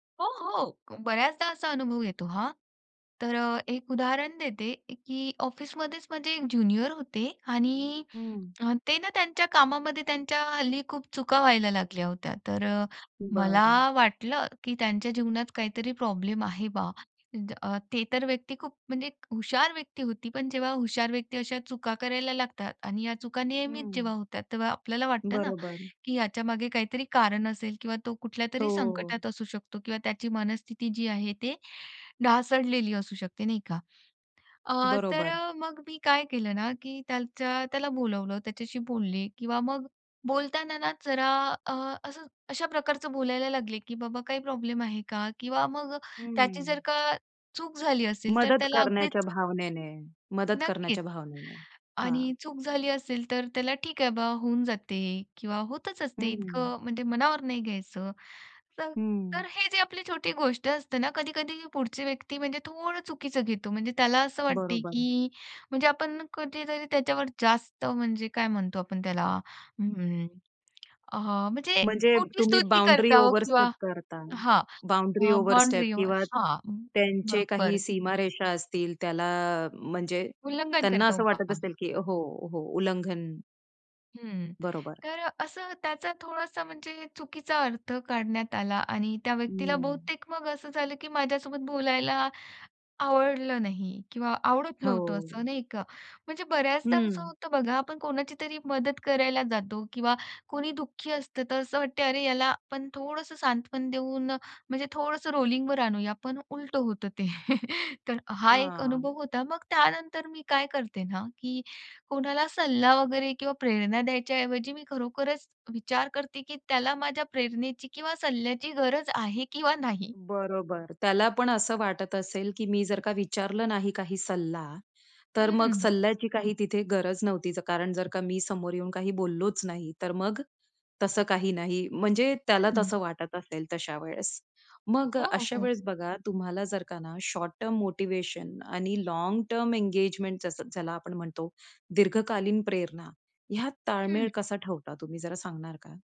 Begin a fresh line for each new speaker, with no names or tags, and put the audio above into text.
हो, हो. बऱ्याचदा असा अनुभव येतो हां. तर अ, एक उदाहरण देते की ऑफिसमध्येच म्हणजे ज्युनियर होते आणि
हं, हं.
अ, ते ना त्यांच्या कामामध्ये त्यांच्या हल्ली खूप चुका व्हायला लागल्या होत्या. तर अ, मला
बरं.
वाटलं की त्यांच्या जीवनात काहीतरी प्रॉब्लेम आहे बा. अ, ते तर व्यक्ती खूप म्हणजे हुशार व्यक्ती होती. पण जेव्हा हुशार व्यक्ती अशा चुका करायला लागतात आणि या चुका
हं,
नियमित
हं.
जेव्हा होतात, तेव्हा आपल्याला वाटतं ना,
बरोबर.
की ह्याच्यामागे काहीतरी कारण असेल किंवा तो कुठल्यातरी
हो.
संकटात असू शकतो किंवा त्याची मनस्थिती जी आहे, ते ढासळलेली असू शकते नाही का. अ, तर
बरोबर.
अ, मग मी काय केलं ना, की त्याच्या त्याला बोलावलं, त्याच्याशी बोलले किंवा मग बोलताना ना, जरा अ, असं अशा प्रकारचं बोलायला लागले, की बाबा काही प्रॉब्लेम आहे का? किंवा मग
हं,
त्याची जर
हं.
का चूक झाली असेल तर
मदत
त्याला
करण्याच्या
अगदीच
भावनेने. मदत
नक्कीच.
करण्याच्या भावनेने. हां.
आणि चूक झाली असेल, तर त्याला, "ठीक आहे बा, होऊन जाते." किंवा "होतच
हं,
असते
हं.
इतकं म्हणजे मनावर नाही घ्यायचं." तर
हं.
तर हे जे आपली छोटी गोष्ट असते ना, कधी-कधी पुढची व्यक्ती म्हणजे थोडं चुकीचं घेतो. म्हणजे त्याला असं वाटते,
बरोबर.
की म्हणजे आपण कधीतरी त्याच्यावर जास्त म्हणजे काय म्हणतो आपण त्याला अम्म, अ, म्हणजे
म्हणजे
खोटी
तुम्ही
स्तुती करत
बाउंडरी
आहोत
ओव्हरस्टेप
किंवा
करता.
हां.
बाउंडरी ओव्हरस्टेप
बाउंडरी
किंवा
हां,
त्यांचे काही
बरोबर.
सीमारेषा असतील, त्याला म्हणजे
उल्लंघन
त्यांना
करतो
असं वाटत
बा.
असेल की हो, हो, उल्लंघन.
हं.
बरोबर.
तर अ, असं त्याचा थोडासा म्हणजे चुकीचा अर्थ काढण्यात आला आणि त्या व्यक्तीला
हं.
बहुतेक मग असं झालं, की माझ्यासोबत बोलायला आवडलं नाही किंवा आवडत नव्हतं
हो.
असं नाही का. म्हणजे बऱ्याचदा असं
हं.
होतं बघा, आपण कोणाची तरी मदत करायला जातो किंवा कोणी दुःखी असतं, तर असं वाटतं, अरे याला आपण थोडंसं सांत्वन देऊन म्हणजे थोडंसं रोलिंगवर आणूया. पण उलटं होतं ते. तर हा एक
हां.
अनुभव होता. मग त्यानंतर मी काय करते ना, की कोणाला सल्ला वगैरे किंवा प्रेरणा द्यायच्या ऐवजी मी खरोखरच विचार करते, की त्याला माझ्या प्रेरणेची किंवा सल्ल्याची गरज आहे किंवा नाही.
बरोबर. त्याला पण असं वाटत असेल, की मी जर का विचारलं नाही काही सल्ला, तर मग
हं.
सल्ल्याची काही तिथे गरज नव्हती. कारण जर का मी समोर येऊन काही बोललोच नाही, तर मग तसं काही नाही म्हणजे त्याला
हं.
तसं वाटत असेल तशा वेळेस. मग अ,
हो,
अशा
हो.
वेळेस बघा तुम्हाला जर का ना, शॉर्ट टर्म मोटिव्हेशन आणि लाँग टर्म एंगेजमेंट ज्याला आपण म्हणतो दीर्घकालीन प्रेरणा, ह्यात ताळमेळ
हं.
कसा ठेवता तुम्ही, जरा सांगणार का?